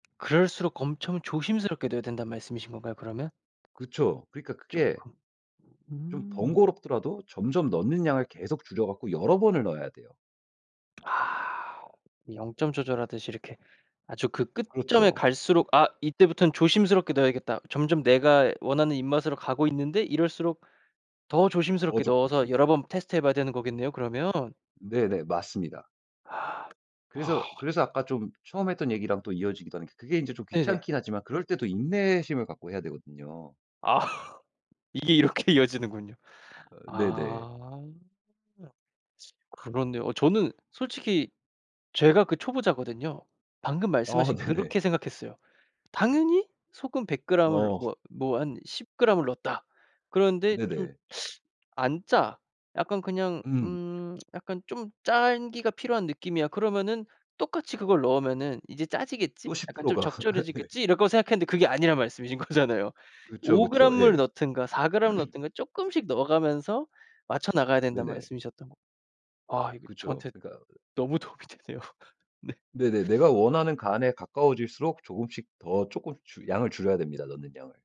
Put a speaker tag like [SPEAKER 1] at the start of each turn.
[SPEAKER 1] 그럴수록 엄청 조심스럽게 넣어야 된다는 말씀이신 건가요, 그러면?
[SPEAKER 2] 그쵸. 그러니까 그게
[SPEAKER 1] 쪼끔.
[SPEAKER 2] 좀
[SPEAKER 1] 음.
[SPEAKER 2] 번거롭더라도 점점 넣는 양을 계속 줄여 갖고 여러 번을 넣어야 돼요.
[SPEAKER 1] 아 0 점 조절하듯이 이렇게 아주 그 끝점에
[SPEAKER 2] 그렇죠.
[SPEAKER 1] 갈수록 '아 이때부턴 조심스럽게 넣어야겠다.' 점점 내가 원하는 입맛으로 가고 있는데 이럴수록 더
[SPEAKER 2] 어
[SPEAKER 1] 조심스럽게 넣어서
[SPEAKER 2] 조끔씩.
[SPEAKER 1] 여러 번 테스트해 봐야 되는 거겠네요, 그러면.
[SPEAKER 2] 네네. 맞습니다.
[SPEAKER 1] 아. 아.
[SPEAKER 2] 그래서, 그래서 아까 좀 처음에 했던 얘기랑 또 이어지기도 하는 그게 인제 좀
[SPEAKER 1] 네네.
[SPEAKER 2] 귀찮긴 하지만 그럴 때 더 인내심을 갖고 해야 되거든요.
[SPEAKER 1] 아. 이게 이렇게 이어지는군요.
[SPEAKER 2] 어 네네.
[SPEAKER 1] 아. 아. 그렇네요. 어 저는 솔직히 제가 그 초보자거든요. 방금
[SPEAKER 2] 아
[SPEAKER 1] 말씀하신
[SPEAKER 2] 네네.
[SPEAKER 1] 그렇게 생각했어요. 당연히 소금 100g 을
[SPEAKER 2] 어.
[SPEAKER 1] 뭐 뭐 한 10g 을 넣었다. 그런데 좀
[SPEAKER 2] 네네.
[SPEAKER 1] 안 짜. 약간 그냥
[SPEAKER 2] 음.
[SPEAKER 1] 음 약간 좀 짠 기가 필요한 느낌이야. 그러면은 '똑같이 그걸 넣으면은 이제
[SPEAKER 2] 또
[SPEAKER 1] 짜지겠지?
[SPEAKER 2] 십
[SPEAKER 1] 약간
[SPEAKER 2] 프로
[SPEAKER 1] 좀
[SPEAKER 2] 가 네.
[SPEAKER 1] 적절해지겠지?' 이럴 거라 생각했는데 그게 아니란 말씀이신 거잖아요.
[SPEAKER 2] 그쵸,
[SPEAKER 1] 오
[SPEAKER 2] 그쵸.
[SPEAKER 1] 그램 을
[SPEAKER 2] 예.
[SPEAKER 1] 넣든가 4g 을 넣든가 쪼끔씩 넣어가면서 맞춰나가야 된다는
[SPEAKER 2] 네네.
[SPEAKER 1] 말씀이셨던 거. 아 이거
[SPEAKER 2] 그쵸.
[SPEAKER 1] 저한테
[SPEAKER 2] 그러니까
[SPEAKER 1] 너무 도움이 되네요. 네.
[SPEAKER 2] 네네. 내가 원하는 간에 가까워질수록 조금씩 더 쪼끔씩 양을 줄여야 됩니다, 넣는 양을.